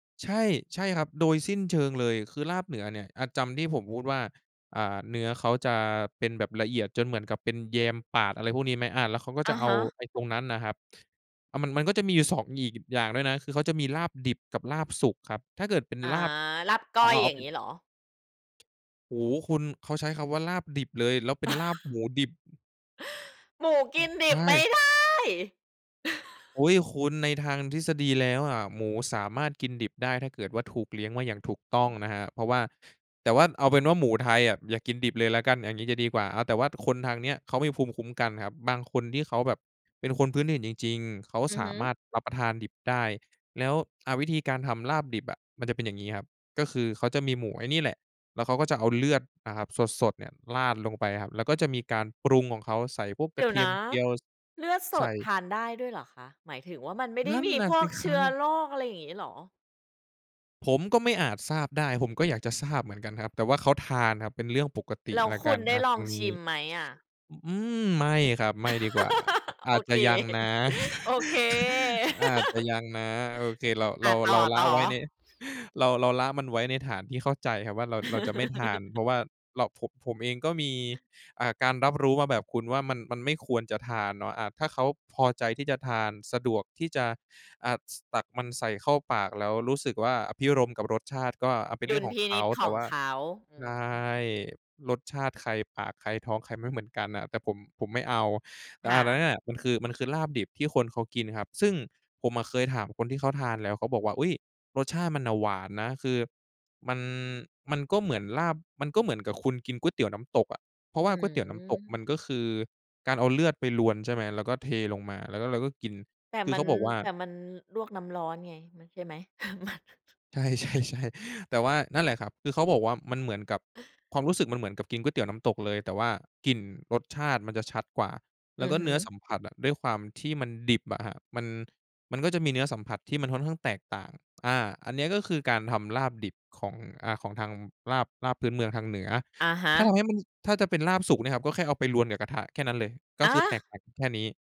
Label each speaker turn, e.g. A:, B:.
A: ใช่ ใช่ครับ โดยสิ้นเชิงเลย คือลาบเหนือเนี่ย อา จำที่ผมพูดว่า อ่า เนื้อเขาจะเป็นแบบละเอียดจนเหมือนกับเป็นแยมปาด อะไรพวกนี้ไหม อา แล้วเขาก็
B: อ
A: จะ
B: ะ
A: เอ
B: ฮ
A: า
B: ะ
A: ไอ้ตรงนั้นน่ะครับ อา มัน มันก็จะมีอยู่ 2 อีก อย่างด้วยนะ คือเขาจะมีลาบดิบกับลาบสุกครับ ถ้าเกิดเป็น
B: อา
A: ลาบ
B: ลาบก
A: เอ
B: ้
A: า
B: อ
A: เ
B: ย
A: อา เอ
B: อย
A: า
B: ่า
A: เ
B: ง
A: ป็
B: ง
A: น
B: ี้เหรอ?
A: โอ้โฮ คุณ เขาใช้คำว่าลาบดิบเลย แล้วเป็นลาบหมูดิบ
B: หมูก
A: อื
B: ิ
A: อ
B: นดิ
A: ใช
B: บไม่
A: ่
B: ได้
A: อุ๊ย คุณในทางทฤษฎีแล้วอะ หมูสามารถกินดิบได้ ถ้าเกิดว่าถูกเลี้ยงไว้อย่างถูกต
B: อ
A: ้
B: ื
A: อง
B: ม
A: นะครับ เพราะว่า แต่ว่า เอาเป็นว่าหมูไทยอะ อย่ากินดิบเลยแล้วกัน อย่างงี้จะดีกว่า อา แต่ว่าคนทางเนี้ยเขามีภูมิคุ้มกันครับ บางคนที่เขาแบบเป็นคนพื้นถิ่นจริง ๆ เขา
B: อือ
A: ส
B: ฮ
A: า
B: ึ
A: มารถรับประทานดิบได้ แล้ว อา วิธีการทำลาบดิบอะ มันจะเป็นอย่างงี้ครับ ก็คือเขาจะมีหมูไอ้นี่แหละ แล้วเขาก็จะเอาเลือดนะครับสด ๆ เนี่ยราดลงไปครับ แล้วก็จะมีการปรุงของเขา ใส่พวก
B: เ
A: ก
B: ด
A: ร
B: ี
A: ะ
B: ๋ย
A: เ
B: ว
A: ที
B: น
A: ยม
B: ะ
A: เจียว ส
B: เลือดส
A: ใส
B: ด
A: ่
B: ทานได้ด้วยเหรอคะ? หมายถึงว่ามันไม่ได
A: น
B: ้
A: ั่น
B: มี
A: น่ะ
B: พว
A: ส
B: ก
A: ิค
B: เช
A: ร
B: ื
A: ั
B: ้อ
A: บ
B: โรค อะไรอย่างงี้เหรอ?
A: ผมก็ไม่อาจทราบได้ ผมก็อยากจะทราบเหมือนกันครับ แต่ว่าเขาทานครับเป็นเรื่องปกติ
B: แล้ว
A: แล้ว
B: ค
A: ก
B: ุ
A: ั
B: ณ
A: น
B: ได
A: อ
B: ้
A: า
B: ล
A: ต
B: อ
A: ร
B: ง
A: งน
B: ช
A: ี้
B: ิมไหมอะ?
A: อ อืม ไม่ครับ ไม่ดีกว่า อ
B: โอ
A: าจจ
B: เ
A: ะ
B: ค
A: ยังนะ
B: โอเค
A: อาจจะยังนะ โอเค เรา เ
B: อ
A: รา
B: า ต
A: เราละ
B: ่อ
A: ไว้ใน
B: ๆ
A: เรา เราละมันไว้ในฐานที่เข้าใจครับว่าเรา เราจะไม่ทาน เพราะว่าเรา ผม ผมเองก็มี อ่า การรับรู้มาแบบคุณว่ามัน มันไม่ควรจะทานเนาะ อา ถ้าเขาพอใจที่จะทาน สะดวกที่จะ อ่า ส ตักมันใส่เข้าปาก แล้วรู้สึกว่าอภิรมย์กับรสชาติก็ อา เป็น
B: ด
A: เรื
B: ุ
A: ่อ
B: ล
A: ง
B: ย
A: ข
B: พ
A: อง
B: ิ
A: เข
B: นิ
A: า
B: จข
A: แต่
B: อง
A: ว่า
B: เขา อื
A: ใช่
B: อฮึ
A: รสชาติใคร ปากใคร ท้องใครไม่เหมือนกันน่ะ แต่ผม ผมไม่เอา แต่
B: ค
A: อ
B: ่
A: า อันนั้
B: ะ
A: นน่ะ มันคือ มันคือลาบดิบที่คนเขากินครับ ซึ่งผมอะเคยถามคนที่เขาทานแล้ว เขาบอกว่า "อุ๊ย! รสชาติมันน่ะหวานนะ คือมัน มันก็เหมือนลาบ มันก็เหมือนกับคุณกินก๋วยเตี๋ยวน้ำตกอะ" เพราะ
B: อ
A: ว่
B: ื
A: าก๋วยเตี๋ยวน้ำตกมั
B: ม
A: นก็คือการเอาเลือดไปรวน ใช่ไหม แล้วก็เทลงมา แล้วก็เราก็กิน
B: แต่
A: คือ
B: มั
A: เข
B: น
A: าบอกว่า
B: แต่มันลวกน้ำร้อนไง มัน ใช่ไหม? ไม่
A: ใช่ ๆ ๆ แต่ว่า นั่นแหละครับ คือเขาบอกว่ามันเหมือนกับ ความรู้สึกมันเหมือนกับกินก๋วยเตี๋ยวน้ำตกเลย แต่ว่ากลิ่น รสชาติ มันจะชัดกว่า แ
B: อื
A: ล้ว
B: อ
A: ก็
B: ฮ
A: เ
B: ึ
A: นื้อสัมผัสอะ ด้วยความที่มันดิบอะครับ มัน มันก็จะมีเนื้อสัมผัสที่มันค่อนข้างแตกต่าง อา อันเนี้ยก็คือการทำลาบดิบของ อา ของทางลาบ ลาบพื้นเมืองทางเหนือ
B: อะฮ
A: ถ้าท
B: ะ
A: ำให้มัน ถ้าจะเป็นลาบสุกเนี่ยครับ ก็แค่เอาไปรวนกับกระทะแค่นั้นเลย ก็
B: อ
A: คือแต
B: า
A: กต่างกันแค่นี้